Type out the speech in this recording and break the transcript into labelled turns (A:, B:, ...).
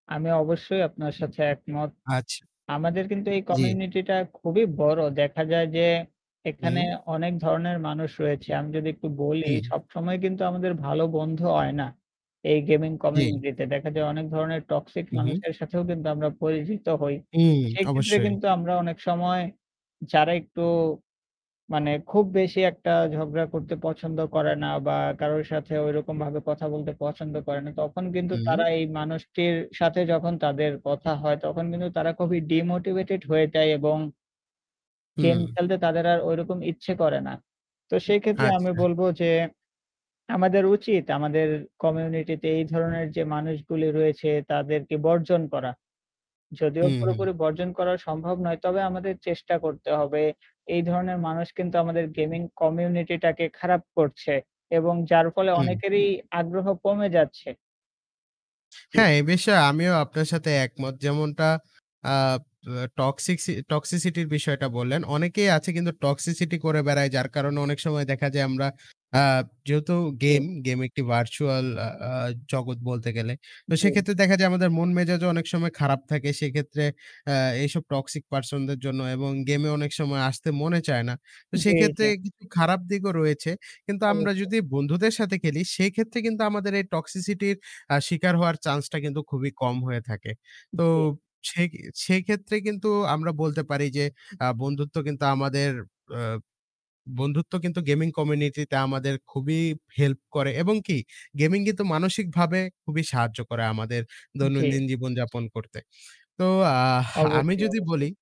A: আমি অবশ্যই আপনার সাথে একমত।
B: আচ্ছা।
A: আমাদের কিন্তু এই
B: জি।
A: কমিউনিটি টা খুবই বড়। দেখা যায় যে এখানে
B: হুম।
A: অনেক ধরনের মানুষ রয়েছে। আমি যদি একটু বলি
B: হুম।
A: সবসময় কিন্তু আমাদের ভালো বন্ধু হয় না এই গেমিং
B: জি।
A: কমিউনিটি তে। দেখা যায় অনেক ধরনের টক্সিক
B: হু, হু।
A: মানুষের সাথেও কিন্তু আমরা পরিচিত হই।
B: হুম
A: সেইক্ষেত্রে
B: অবশ্যই।
A: কিন্তু আমরা অনেক সময় যারা একটু মানে খুব বেশি একটা ঝগড়া করতে পছন্দ করে না, বা কারোর সাথে ঐরকম ভাবে কথা বলতে পছন্দ করে না। তখন কিন্তু
B: হুম।
A: তারা এই মানুষটির সাথে যখন তাদের কথা হয়, তখন কিন্তু তারা খুবই ডিমোটিভেটেড হয়ে যায় এবং গেম
B: হুম।
A: খেলতে তাদের আর ঐরকম ইচ্ছে করে না। তো সেই ক্ষেত্রে আমি
B: আচ্ছা।
A: বলবো যে আমাদের উচিত আমাদের কমিউনিটিতে এই ধরনের যে মানুষগুলি রয়েছে তাদেরকে বর্জন করা। যদিও
B: হু, হু।
A: পুরোপুরি বর্জন করা সম্ভব নয়, তবে আমাদের চেষ্টা করতে হবে। এই ধরনের মানুষ কিন্তু আমাদের গেমিং কমিউনিটি টাকে খারাপ করছে। এবং যার ফলে
B: হুম।
A: অনেকেরই আগ্রহ কমে যাচ্ছে। জি।
B: হ্যাঁ, এ বিষয়ে আমিও আপনার সাথে একমত। যেমনটা আ অ্যা টক্সিসি টক্সিসিটির বিষয়টা বললেন। অনেকেই আছে কিন্তু টক্সিসিটি করে বেড়ায়। যার কারণে অনেক সময় দেখা যায় আমরা আ যেহেতু
A: জি।
B: গেম, গেম একটি virtual আ আ জগৎ বলতে গেলে। তো
A: জি,
B: সেক্ষেত্রে
A: জি।
B: দেখা যায় আমাদের মন মেজাজও অনেক সময় খারাপ থাকে। সেই ক্ষেত্রে অ্যা এইসব টক্সিক পারসন দের জন্য এবং গেমে অনেক সময় আসতে মনে চায় না। তো
A: জি, জি।
B: সেইক্ষেত্রে খারাপ দিকও রয়েছে। কিন্তু আমরা
A: অবশ্যই।
B: যদি বন্ধুদের সাথে খেলি, সেইক্ষেত্রে কিন্তু আমাদের এই টক্সিসিটির আ শিকার হওয়ার চান্স টা কিন্তু খুবই কম হয়ে থাকে। তো
A: জি।
B: সে সেক্ষেত্রে কিন্তু আমরা বলতে পারি যে আ বন্ধুত্ব কিন্তু আমাদের অ্যা বন্ধুত্ব কিন্তু গেমিং কমিউনিটি তে আমাদের খুবই হেল্প করে। এবং কি? গেমিং কিন্তু মানসিকভাবে খুবই সাহায্য করে আমাদের
A: জি।
B: দৈনন্দিন জীবন যাপন করতে। তো আহ আমি
A: অবশ্যই,
B: যদি বলি
A: অবশ্যই।